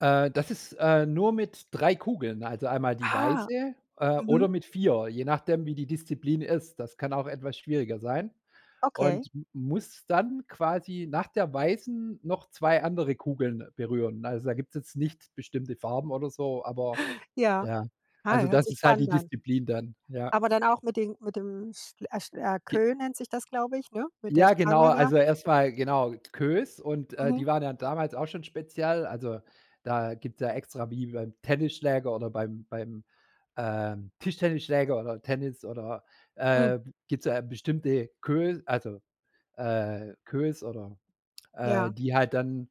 Äh, das ist, äh, nur mit 3 Kugeln, also einmal die Ha. weiße äh, oder Mhm. mit 4, je nachdem, wie die Disziplin ist. Das kann auch etwas schwieriger sein Okay. und m muss dann quasi nach der weißen noch 2 andere Kugeln berühren. Also da gibt es jetzt nicht bestimmte Farben oder so, aber Ja. ja. Ei, Also hört das sich ist halt die spannend an. Disziplin dann, ja. Aber dann auch mit den mit dem sch a schl a Ge Queue nennt sich das, glaube ich, ne, mit der ja, genau, Stange da. also erstmal genau, Queues und, äh, Mhm. die waren ja damals auch schon speziell, also da gibt's ja extra wie beim Tennisschläger oder beim beim, ähm, Tischtennisschläger oder Tennis oder Mhm. äh, gibt's da bestimmte, Queue also, äh, Queues oder äh, Ja. die halt dann,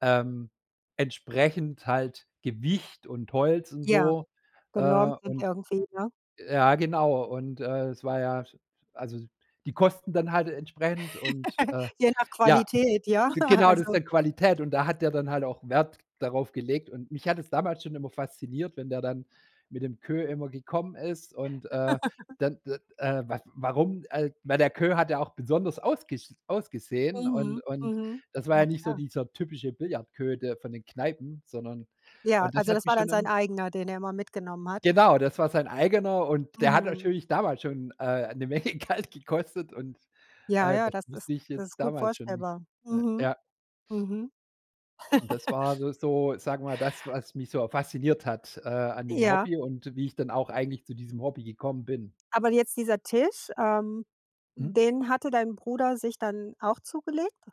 ähm, entsprechend halt Gewicht und Holz und Ja, so. Äh, genormt sind und irgendwie, ne? ja genau, und, äh, es war ja also die Kosten dann halt entsprechend und, äh Je nach ja, Qualität, ja, g genau, das ist also dann Qualität und da hat der dann halt auch Wert darauf gelegt und mich hat es damals schon immer fasziniert, wenn der dann mit dem Queue immer gekommen ist und, äh, dann, äh, äh, waf warum, äh, weil der Queue hat ja auch besonders ausgesch ausgesehen Mhm, und und mhm. das war ja Na nicht so klar. dieser typische Billardqueue, der von den Kneipen, sondern Ja, und das also hat das mich war dann schon sein im eigener, den er immer mitgenommen hat? Genau, das war sein eigener und der hat Mhm. natürlich damals schon, äh, 'ne Menge Geld gekostet und, Ja, äh, ja, das das ist wusste ich das jetzt ist gut damals schon nicht, vorstellbar. ne? Mhm. Ja. Mhm. Und das war s so, sagen wir mal, das, was mich so fasziniert hat, äh, an dem Ja. Hobby und wie ich dann auch eigentlich zu diesem Hobby gekommen bin. Aber jetzt dieser Tisch, ähm, Mhm. den hatte dein Bruder sich dann auch zugelegt?